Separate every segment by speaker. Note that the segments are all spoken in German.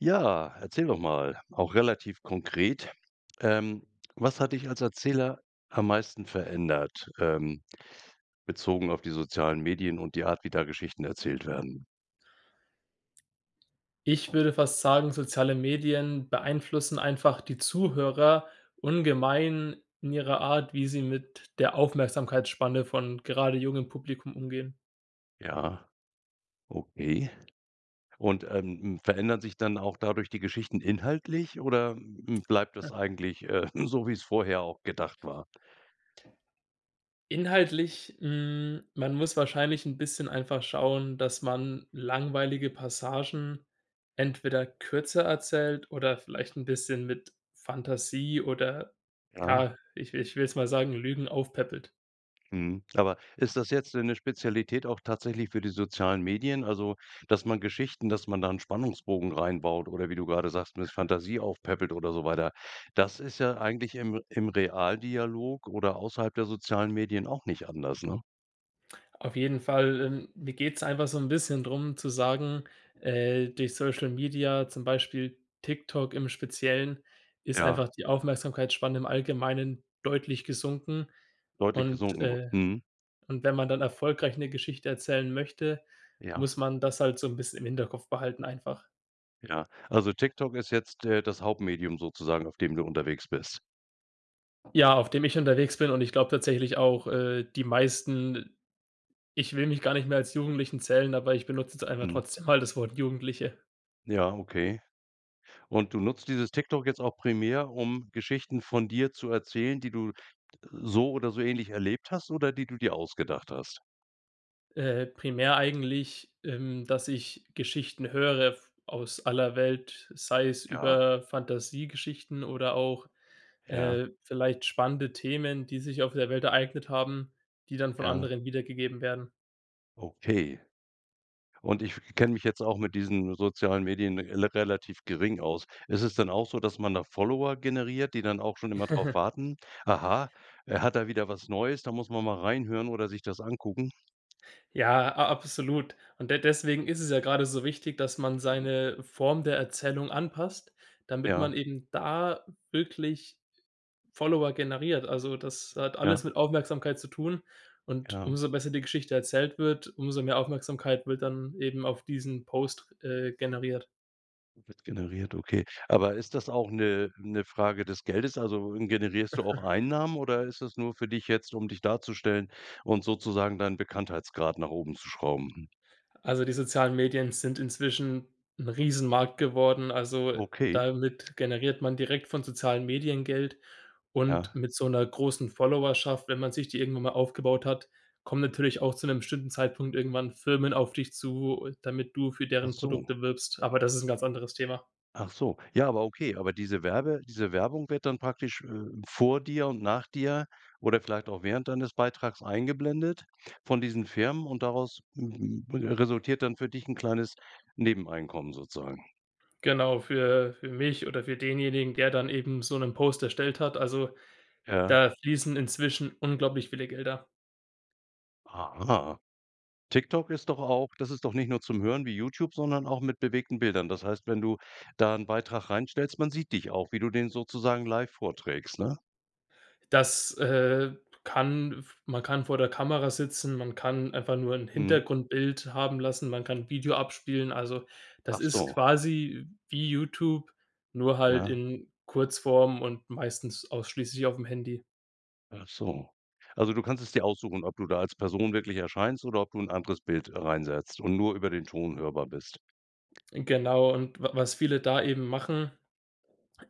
Speaker 1: Ja, erzähl doch mal, auch relativ konkret. Ähm, was hat dich als Erzähler am meisten verändert, ähm, bezogen auf die sozialen Medien und die Art, wie da Geschichten erzählt werden?
Speaker 2: Ich würde fast sagen, soziale Medien beeinflussen einfach die Zuhörer ungemein in ihrer Art, wie sie mit der Aufmerksamkeitsspanne von gerade jungem Publikum umgehen.
Speaker 1: Ja, okay. Und, ähm, hm, verändern sich dann auch dadurch die Geschichten inhaltlich oder, hm, bleibt das eigentlich, äh, so, wie's vorher auch gedacht war?
Speaker 2: Inhaltlich, hm man muss wahrscheinlich 'n bisschen einfach schauen, dass man langweilige Passagen entweder kürzer erzählt oder vielleicht 'n bisschen mit Fantasie oder
Speaker 1: Ja.
Speaker 2: ja, ich ich will jetzt mal sagen, Lügen aufpäppelt.
Speaker 1: Mhm, aber ist das jetzt 'ne 'ne Spezialität auch tatsächlich für die sozialen Medien? Also, dass man Geschichten dass man da 'n Spannungsbogen rein baut oder wie du grade sagst, mit Fantasie aufpäppelt oder so weiter. Das ist ja eigentlich im im Realdialog oder außerhalb der sozialen Medien auch nicht anders, ne?
Speaker 2: Auf jeden Fall. Ähm, mir geht's einfach so 'n bisschen drum zu sagen, äh, durch Social Media, zum Beispiel TikTok im Speziellen, ist
Speaker 1: Ja.
Speaker 2: einfach die Aufmerksamkeitsspanne im Allgemeinen deutlich gesunken.
Speaker 1: Deutlich
Speaker 2: Und,
Speaker 1: gesunken. Wu
Speaker 2: äh
Speaker 1: mhm.
Speaker 2: und wenn man dann erfolgreich 'ne Geschichte erzählen möchte,
Speaker 1: Ja.
Speaker 2: muss man das halt so 'n bisschen im Hinterkopf behalten einfach.
Speaker 1: Ja. Also TikTok ist jetzt, äh, das Hauptmedium sozusagen, auf dem du unterwegs bist?
Speaker 2: Ja, auf dem ich unterwegs bin und ich glaube tatsächlich auch, äh, die meisten ich will mich gar nicht mehr als Jugendlichen zählen, aber ich benutze jetzt einfach
Speaker 1: Mhm.
Speaker 2: trotzdem mal das Wort Jugendliche.
Speaker 1: Ja, okay. Und du nutzt dieses TikTok jetzt auch primär, um Geschichten von dir zu erzählen, die du so oder so ähnlich erlebt hast oder die du dir ausgedacht hast?
Speaker 2: Äh, primär eigentlich, ähm, dass ich Geschichten höre f aus aller Welt, sei es
Speaker 1: Ja.
Speaker 2: über Fantasiegeschichten oder auch,
Speaker 1: Ja.
Speaker 2: äh, vielleicht spannende Themen, die sich auf der Welt ereignet haben, die dann von
Speaker 1: Ja.
Speaker 2: anderen wiedergegeben werden.
Speaker 1: Okay. Und ich kenne mich jetzt auch mit diesen sozialen Medien rela relativ gering aus. Ist es denn auch so, dass man da Follower generiert, die dann auch schon immer drauf warten: Aha, er hat da wieder was Neues, da muss man mal reinhören oder sich das angucken?
Speaker 2: Ja, a absolut und de deswegen ist es ja grade so wichtig, dass man
Speaker 1: Mhm.
Speaker 2: seine Form der Erzählung anpasst, damit man
Speaker 1: Ja.
Speaker 2: eben da wirklich Follower generiert. Also, das hat alles
Speaker 1: Ja.
Speaker 2: mit Aufmerksamkeit zu tun, und
Speaker 1: Ja.
Speaker 2: umso besser die Geschichte erzählt wird, umso mehr Aufmerksamkeit wird dann eben auf diesen Post, äh, generiert.
Speaker 1: Wird generiert, okay. Aber ist das auch 'ne 'ne Frage des Geldes? Also, generierst du auch Einnahmen, oder ist das nur für dich jetzt, um dich darzustellen und sozusagen deinen Bekanntheitsgrad nach oben zu schrauben, hm?
Speaker 2: Also, die sozialen Medien sind inzwischen 'n Riesenmarkt geworden. Also,
Speaker 1: Okay.
Speaker 2: damit generiert man direkt von sozialen Medien Geld, und
Speaker 1: Ja.
Speaker 2: mit so 'ner großen Followerschaft, wenn man sich die irgendwann mal aufgebaut hat, kommen natürlich auch zu 'nem bestimmten Zeitpunkt irgendwann Firmen auf dich zu, damit du für
Speaker 1: Ach
Speaker 2: deren
Speaker 1: so.
Speaker 2: Produkte wirbst, aber das ist 'n ganz anderes Thema.
Speaker 1: Ach so. Ja, aber okay, aber diese Werbe diese Werbung wird dann praktisch, äh, vor dir und nach dir oder vielleicht auch während deines Beitrags eingeblendet von diesen Firmen, und daraus resultiert dann für dich 'n kleines Nebeneinkommen sozusagen?
Speaker 2: Genau, für für mich oder für denjenigen, der dann eben so 'nen Post erstellt hat. Also,
Speaker 1: Ja.
Speaker 2: da fließen inzwischen unglaublich viele Gelder.
Speaker 1: Aha. TikTok ist doch auch das ist doch nicht nur zum Hören wie Youtube, sondern auch mit bewegten Bildern. Das heißt, wenn du da 'n Beitrag reinstellst, man sieht dich auch, wie du den sozusagen live vorträgst, ne?
Speaker 2: Das, äh, kann v man kann vor der Kamera sitzen, man kann einfach nur 'n
Speaker 1: Mhm.
Speaker 2: Hintergrundbild haben lassen, man kann 'n Video abspielen. Also, das
Speaker 1: Ach
Speaker 2: ist
Speaker 1: so.
Speaker 2: quasi wie Youtube, nur halt
Speaker 1: Ja.
Speaker 2: in Kurzform und meistens ausschließlich aufm Handy.
Speaker 1: Ach so. Also, du kannst es dir aussuchen, ob du da als Person wirklich erscheinst oder ob du 'n anderes Bild reinsetzt und nur über den Ton hörbar bist.
Speaker 2: Genau und w was viele da eben machen,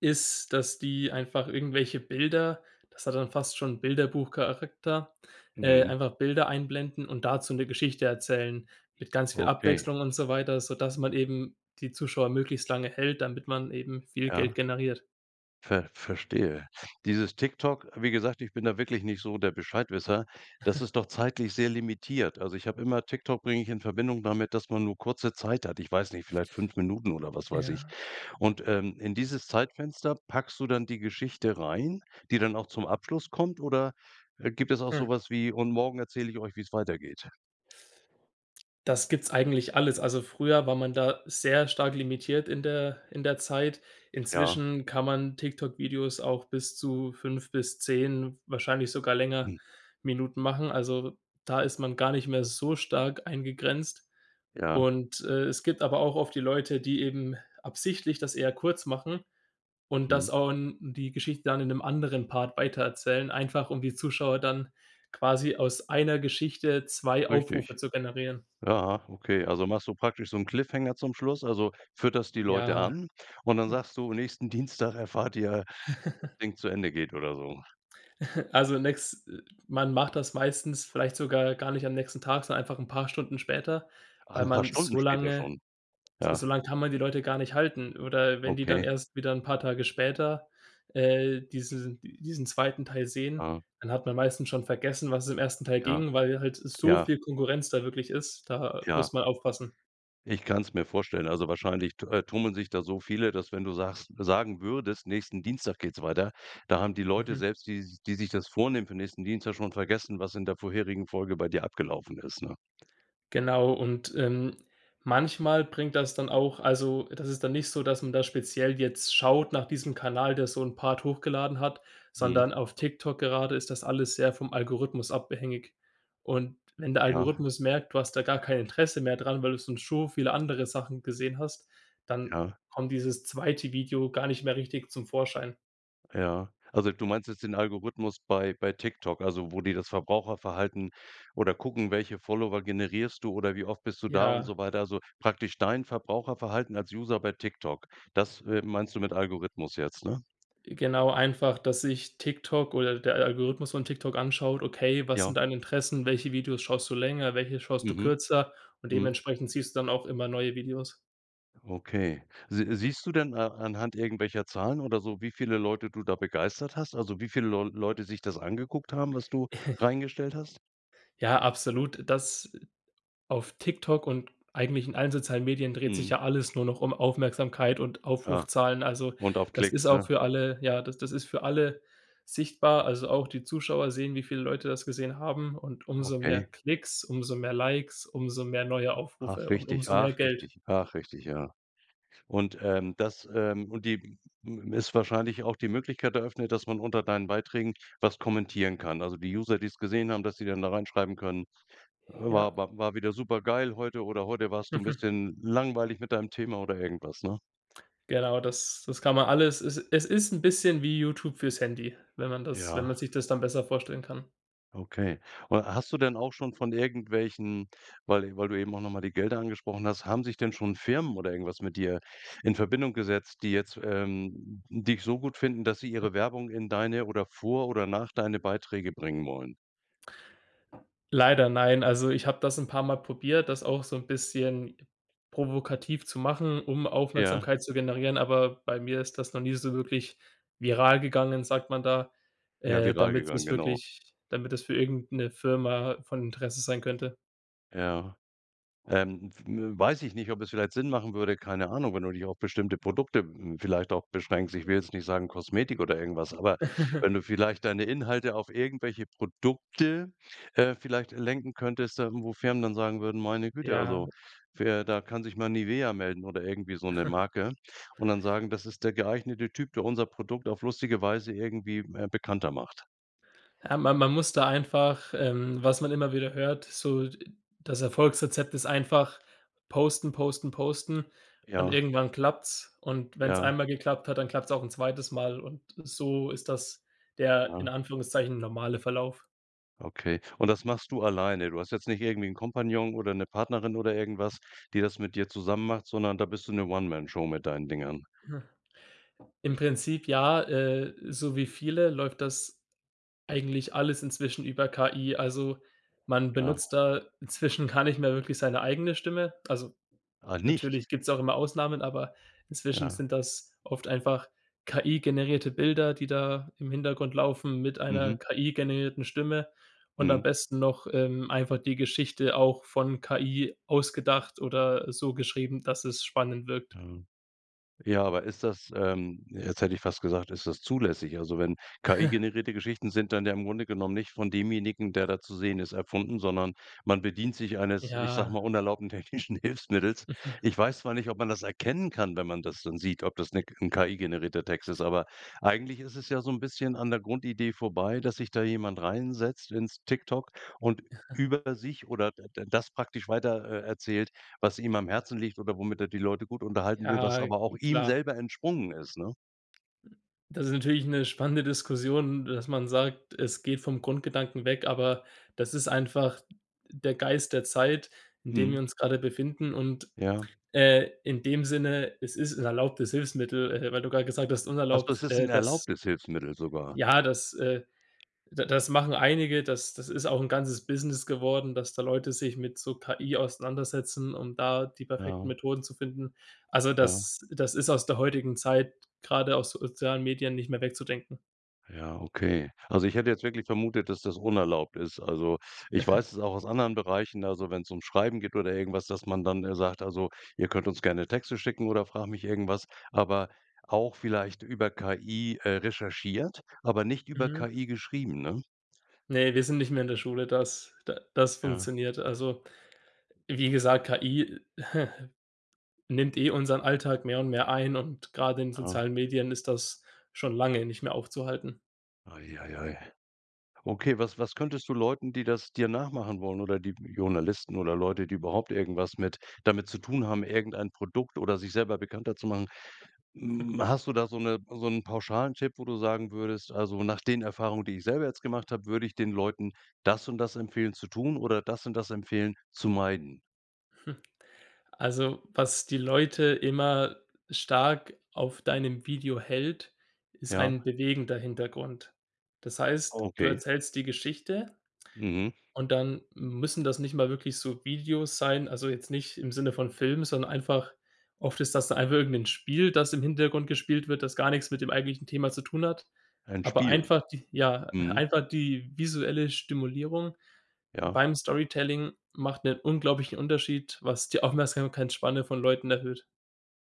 Speaker 2: ist, dass die einfach irgendwelche Bilder das hat dann fast schon Bilderbuchcharakter äh,
Speaker 1: Mhm.
Speaker 2: einfach Bilder einblenden und dazu 'ne Geschichte erzählen mit ganz viel
Speaker 1: Okay.
Speaker 2: Abwechslung und so weiter, sodass man eben die Zuschauer möglichst lange hält, damit man eben viel Geld
Speaker 1: Ja.
Speaker 2: generiert.
Speaker 1: Ver Verstehe. Dieses TikTok, wie gesagt, ich bin da wirklich nicht so der Bescheidwisser, das ist doch zeitlich sehr limitiert. Also, ich habe immer TikTok bringe ich in Verbindung damit, dass man nur kurze Zeit hat. Ich weiß nicht, vielleicht 5 Minuten oder was weiß ich.
Speaker 2: Ja.
Speaker 1: Und, ähm, in dieses Zeitfenster packst du dann die Geschichte rein, die dann auch zum Abschluss kommt oder, äh, gibt es auch so
Speaker 2: Hm.
Speaker 1: was wie: „Und morgen erzähle ich euch, wie's weitergeht.“
Speaker 2: Das gibt's eigentlich alles. Also, früher war man da sehr stark limitiert in der in der Zeit,
Speaker 1: Ja.
Speaker 2: inzwischen kann man TikTok Videos auch bis zu 5 bis 10, wahrscheinlich sogar länger,
Speaker 1: Mhm.
Speaker 2: Minuten machen. Also, da ist man gar nicht mehr so stark eingegrenzt
Speaker 1: Ja.
Speaker 2: und, äh, es gibt aber auch oft die Leute, die eben absichtlich das eher kurz machen und das
Speaker 1: Mhm.
Speaker 2: auch 'n die Geschichte dann in 'nem anderen Part weitererzählen, einfach um die Zuschauer dann quasi aus einer Geschichte 2 Aufrufe
Speaker 1: Richtig.
Speaker 2: zu generieren.
Speaker 1: Ja, okay. Also, machst du praktisch so 'n Cliffhanger zum Schluss. Also fütterst die Leute
Speaker 2: Ja.
Speaker 1: an und dann sagst du: „Nächsten Dienstag erfahrt ihr, Ding zu Ende geht.“ Oder so.
Speaker 2: Also, nächs man macht das meistens vielleicht sogar gar nicht am nächsten Tag, sondern einfach 'n paar Stunden später,
Speaker 1: Ach,
Speaker 2: weil
Speaker 1: 'n paar
Speaker 2: man
Speaker 1: Stunden
Speaker 2: so
Speaker 1: später
Speaker 2: lange
Speaker 1: schon?
Speaker 2: s so
Speaker 1: Ja.
Speaker 2: lang kann man die Leute gar nicht halten oder wenn die dann
Speaker 1: Okay.
Speaker 2: erst wieder 'n paar Tage später, äh, diese diesen 2. Teil sehen,
Speaker 1: Mhm.
Speaker 2: dann hat man meistens schon vergessen, um was es im 1. Teil
Speaker 1: Ja.
Speaker 2: ging, weil halt so
Speaker 1: Ja.
Speaker 2: viel Konkurrenz da wirklich ist, da muss
Speaker 1: Ja.
Speaker 2: man aufpassen.
Speaker 1: Ich kann's mir vorstellen. Also, wahrscheinlich tu äh, tummeln sich da so viele, dass wenn du sagst sagen würdest, nächsten Dienstag geht's weiter, da haben die Leute
Speaker 2: Mhm.
Speaker 1: selbst, die s die sich das vornehmen für nächsten Dienstag schon vergessen, was in der vorherigen Folge bei dir abgelaufen ist, ne?
Speaker 2: Genau, und, ähm, manchmal bringt das dann auch also, das ist dann nicht so, dass man da jetzt speziell schaut nach diesem Kanal, der so 'n Part hochgeladen hat,
Speaker 1: Mhm.
Speaker 2: sondern auf TikTok gerade ist das alles sehr vom Algorithmus abhängig. Und wenn der
Speaker 1: Ja.
Speaker 2: Algorithmus merkt, du hast da gar kein Interesse mehr dran, weil du schon so viele andere Sachen gesehen hast, dann
Speaker 1: Ja.
Speaker 2: kommt dieses 2. Video gar nicht mehr richtig zum Vorschein.
Speaker 1: Ja. Also du meinst jetzt den Algorithmus bei bei TikTok, also wo die das Verbraucherverhalten oder gucken, welche Follower generierst du oder wie oft bist du da und
Speaker 2: Ja.
Speaker 1: so weiter. Also praktisch dein Verbraucherverhalten als User bei TikTok. Das, äh, meinst du mit Algorithmus jetzt, ne?
Speaker 2: Äh, genau einfach, dass sich TikTok oder der A Algorithmus von TikTok anschaut: Okay, was sind
Speaker 1: Ja.
Speaker 2: deine Interessen? Welche Videos schaust du länger? Welche schaust du
Speaker 1: Mhm.
Speaker 2: kürzer? Und
Speaker 1: Mhm.
Speaker 2: dementsprechend siehst du dann auch immer neue Videos.
Speaker 1: Okay. Si siehst du denn a anhand irgendwelcher Zahlen oder so, wie viele Leute du da begeistert hast? Also wie viele Leu Leute sich das angeguckt haben, was du reingestellt hast?
Speaker 2: Ja, absolut, das auf TikTok und eigentlich in allen sozialen Medien dreht sich
Speaker 1: Mhm.
Speaker 2: ja alles nur noch um Aufmerksamkeit und
Speaker 1: Ja.
Speaker 2: Aufrufzahlen. Also
Speaker 1: Und auf
Speaker 2: das ist
Speaker 1: Klicks,
Speaker 2: auch
Speaker 1: ne?
Speaker 2: für alle Ja, d das ist für alle sichtbar. Also auch die Zuschauer sehen, wie viele Leute das gesehen haben und umso mehr
Speaker 1: Okay.
Speaker 2: Klicks, umso mehr Likes, umso mehr neue Aufrufe
Speaker 1: Ach,
Speaker 2: und
Speaker 1: richtig.
Speaker 2: umso mehr
Speaker 1: Ach,
Speaker 2: Geld.
Speaker 1: richtig. Ach, richtig, ja. Und, ähm das, ähm und die m ist wahrscheinlich auch die Möglichkeit eröffnet, dass man unter deinen Beiträgen was kommentieren kann. Also die User, die's gesehen haben, dass sie dann da reinschreiben können: „Äh,
Speaker 2: Ja.
Speaker 1: war war war wieder super geil heute“ oder „Heute warst du 'n bisschen langweilig mit deinem Thema“ oder irgendwas, ne?
Speaker 2: Genau, das das kann man alles es es ist 'n bisschen wie YouTube fürs Handy, wenn man das wenn
Speaker 1: Ja.
Speaker 2: man sich das dann besser vorstellen kann.
Speaker 1: Okay. Oder hast du denn auch schon von irgendwelchen, weil d weil du eben auch noch mal die Gelder angesprochen hast, haben sich denn schon Firmen oder irgendwas mit dir in Verbindung gesetzt, die jetzt, ähm, dich so gut finden, dass sie
Speaker 2: [unintelligible]
Speaker 1: ihre Werbung in deine oder vor oder nach deine Beiträge bringen wollen?
Speaker 2: Leider nein. Also, ich habe das 'n paarmal probiert, das auch so 'n bisschen provokativ zu machen, um
Speaker 1: Ja.
Speaker 2: Aufmerksamkeit zu generieren. Aber bei mir ist das noch nie so wirklich viral gegangen, sagt man da,
Speaker 1: Ja,
Speaker 2: äh,
Speaker 1: viral
Speaker 2: damit
Speaker 1: gegangen,
Speaker 2: das
Speaker 1: genau.
Speaker 2: wirklich damit es für irgend 'ne Firma von Interesse sein könnte.
Speaker 1: Ja. Ähm, f w weiß ich nicht, ob es vielleicht Sinn machen würde, keine Ahnung, wenn du dich auf bestimmte Produkte, hm, vielleicht auch beschränkst. Ich will jetzt nicht sagen Kosmetik oder irgendwas, aber wenn du vielleicht deine Inhalte auf irgendwelche Produkte, äh, vielleicht lenken könntest, da wo Firmen dann sagen würden: „Meine Güte, also
Speaker 2: Ja.
Speaker 1: für“ da kann sich mal Nivea melden oder irgendwie so 'ne Marke und dann sagen: „Das ist der geeignete Typ, der unser Produkt auf lustige Weise irgendwie, äh, bekannter macht.“
Speaker 2: Ähm, ma man muss da einfach, ähm was man immer wieder hört, so, d äh, das Erfolgsrezept ist einfach posten, posten, posten und
Speaker 1: Ja.
Speaker 2: irgendwann klappt's. Und wenn's
Speaker 1: Ja.
Speaker 2: einmal geklappt hat, dann klappt's auch 'n 2. Mal und so ist das der in
Speaker 1: Ja.
Speaker 2: Anführungszeichen normale Verlauf.
Speaker 1: Okay, und das machst du alleine? Du hast jetzt nicht irgendwie 'n Kompagnon oder 'ne Partnerin oder irgendwas, die das mit dir zusammen macht, sondern da bist du 'ne One Man Show mit deinen Dingern.
Speaker 2: Im Prinzip ja, äh, so wie viele läuft das eigentlich alles inzwischen über KI. Also man
Speaker 1: Ja.
Speaker 2: benutzt da inzwischen gar nicht mehr wirklich seine eigene Stimme. Also
Speaker 1: Ah, nicht?
Speaker 2: natürlich gibt's auch immer Ausnahmen, aber inzwischen
Speaker 1: Ja.
Speaker 2: sind das oft einfach KI-generierte Bilder, die da im Hintergrund laufen mit einer
Speaker 1: Mhm.
Speaker 2: KI-generierten Stimme und am
Speaker 1: Mhm.
Speaker 2: besten noch, ähm, einfach die Geschichte auch von KI ausgedacht oder so geschrieben, dass es spannend wirkt.
Speaker 1: Mhm. Ja. Ja, aber ist das, ähm jetzt hätte ich fast gesagt, ist das zulässig? Also wenn KI-generierte Geschichten sind dann ja im Grunde genommen nicht von demjenigen, der da zu sehen ist, erfunden, sondern man bedient sich eines, ich sage mal,
Speaker 2: Ja.
Speaker 1: unerlaubten technischen Hilfsmittels. Ich weiß zwar nicht, ob man das erkennen kann, wenn man das dann sieht, ob das 'ne 'n KI-generierter Text ist, aber eigentlich ist es ja so 'n bisschen an der Grundidee vorbei, dass sich da jemand reinsetzt ins TikTok und über sich oder d da das praktisch weiter, äh, erzählt, was ihm am Herzen liegt oder womit er die Leute gut unterhalten will, was
Speaker 2: Ja,
Speaker 1: aber auch ihm
Speaker 2: klar.
Speaker 1: selber entsprungen ist, ne?
Speaker 2: Das ist natürlich 'ne spannende Diskussion, dass man sagt, es geht vom Grundgedanken weg, aber das ist einfach der Geist der Zeit, in dem wir
Speaker 1: Mhm.
Speaker 2: uns gerade befinden. Und,
Speaker 1: Ja.
Speaker 2: äh, in dem Sinne: Es ist 'n erlaubtes Hilfsmittel, äh, weil du grade gesagt hast,
Speaker 1: Ach so es
Speaker 2: unerlaubt,
Speaker 1: ist 'n
Speaker 2: äh, das
Speaker 1: erlaubtes Hilfsmittel sogar?
Speaker 2: ja, das, äh, d das machen einige, das das ist auch 'n ganzes Business geworden, dass da Leute sich mit so KI auseinandersetzen, um da die perfekten
Speaker 1: Ja.
Speaker 2: Methoden zu finden. Also
Speaker 1: Ja.
Speaker 2: das das ist aus der heutigen Zeit gerade aus sozialen Medien nicht mehr wegzudenken
Speaker 1: Ja, okay. Also, ich hätte jetzt wirklich vermutet, dass das unerlaubt ist. Also, ich weiß es auch aus anderen Bereichen, also, wenn's ums Schreiben geht oder irgendwas, dass man dann, äh, sagt: „Also ihr könnt uns gerne Texte schicken oder frag mich irgendwas, aber auch vielleicht über KI, äh, recherchiert, aber nicht über
Speaker 2: Mhm.
Speaker 1: KI geschrieben“, ne?
Speaker 2: Ne, wir sind nicht mehr in der Schule, dass da das
Speaker 1: Ja.
Speaker 2: funktioniert. Also wie gesagt, KI nimmt eh unseren Alltag mehr und mehr ein und gerade in
Speaker 1: Ja.
Speaker 2: sozialen Medien ist das schon lange nicht mehr aufzuhalten.
Speaker 1: Ei, ei, ei. Okay, was was könntest du Leuten, die das dir nachmachen wollen oder die Journalisten oder Leute, die überhaupt irgendwas mit damit zu tun haben, irgendein Produkt oder sich selber bekannter zu machen. Hm, hast du da so 'ne so 'nen pauschalen Tipp, wo du sagen würdest: „Also, nach den Erfahrungen, die ich selber jetzt gemacht habe, würde ich den Leuten das und das empfehlen zu tun oder das und das empfehlen zu meiden?“
Speaker 2: Also was die Leute immer stark auf deinem Video hält, ist
Speaker 1: Ja.
Speaker 2: ein bewegender Hintergrund. Das heißt,
Speaker 1: Oh,
Speaker 2: du
Speaker 1: okay.
Speaker 2: erzählst die Geschichte,
Speaker 1: Mhm.
Speaker 2: und dann müssen das nicht mal wirklich so Videos sein. Also jetzt nicht im Sinne von Filmen, sondern einfach oft ist das einfach irgend 'n Spiel, das im Hintergrund gespielt wird, das gar nichts mit dem eigentlichen Thema zu tun hat.
Speaker 1: Ein
Speaker 2: Aber
Speaker 1: Spiel.
Speaker 2: einfach die Ja,
Speaker 1: Mhm.
Speaker 2: einfach die visuelle Stimulierung
Speaker 1: Ja.
Speaker 2: beim Storytelling macht 'nen unglaublichen Unterschied, was die Aufmerksamkeitsspanne von Leuten erhöht.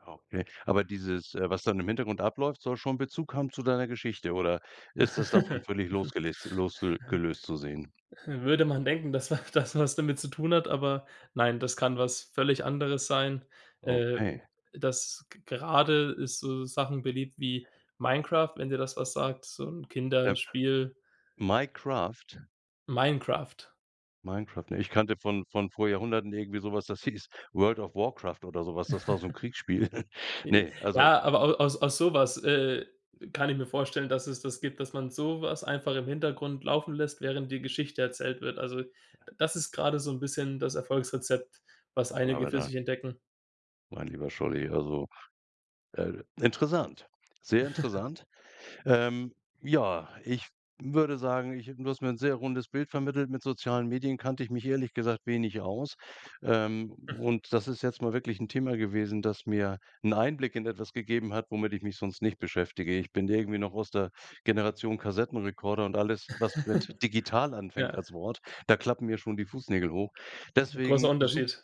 Speaker 1: Ah, okay. Aber dieses, äh, was dann im Hintergrund abläuft, soll schon Bezug haben zu deiner Geschichte? Oder ist das davon völlig losgelest losle gelöst zu sehen?
Speaker 2: Würde man denken, dass wa das was damit zu tun hat. Aber nein, das kann was völlig anderes sein. Äh,
Speaker 1: Okay.
Speaker 2: das g gerade ist so Sachen beliebt wie Minecraft, wenn dir das was sagt, so 'n
Speaker 1: App.
Speaker 2: Kinderspiel.
Speaker 1: Minecraft?
Speaker 2: Minecraft.
Speaker 1: Minecraft, nein, ich kannte von von vor Jahrhunderten irgendwie so was, das hieß „World of Warcraft" oder so was. Das war so 'n Kriegsspiel.
Speaker 2: I i
Speaker 1: Ne, also
Speaker 2: Ja, aber au aus aus sowas, äh, kann ich mir vorstellen, dass es das gibt, dass man sowas einfach im Hintergrund laufen lässt, während die Geschichte erzählt wird. Also, d das ist gerade so 'n bisschen das Erfolgsrezept, was einige für
Speaker 1: Donnerwetter!
Speaker 2: sich entdecken.
Speaker 1: Mein lieber Scholli, also, äh, interessant. Sehr interessant! Ähm, ja, ich w würde sagen, ich du hast mir 'n sehr rundes Bild vermittelt. Mit sozialen Medien kannte ich mich ehrlich gesagt wenig aus. Ähm,
Speaker 2: Hm.
Speaker 1: und das ist jetzt mal wirklich 'n Thema gewesen, das mir 'n Einblick in etwas gegeben hat, womit ich mich sonst nicht beschäftige. Ich bin irgendwie noch aus der Generation Kassettenrekorder und alles, was mit digital anfängt
Speaker 2: Ja.
Speaker 1: als Wort, da klappen mir schon die Fußnägel hoch.
Speaker 2: [unintelligible] Großer
Speaker 1: Deswegen, sup
Speaker 2: Unterschied.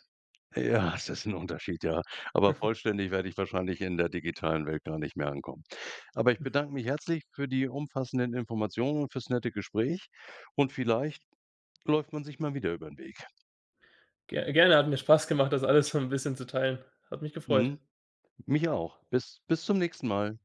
Speaker 1: Ja, es ist 'n Unterschied, ja. Aber vollständig werde ich wahrscheinlich in der digitalen Welt gar nicht mehr ankommen. Aber ich
Speaker 2: Mhm.
Speaker 1: bedanke mich herzlich für die umfassenden Informationen und fürs nette Gespräch und vielleicht läuft man sich mal wieder übern Weg.
Speaker 2: Ge gerne, hat mir Spaß gemacht, das alles so 'n bisschen zu teilen. Hat mich gefreut!
Speaker 1: Mhm, mich auch. Bis bis zum nächsten Mal!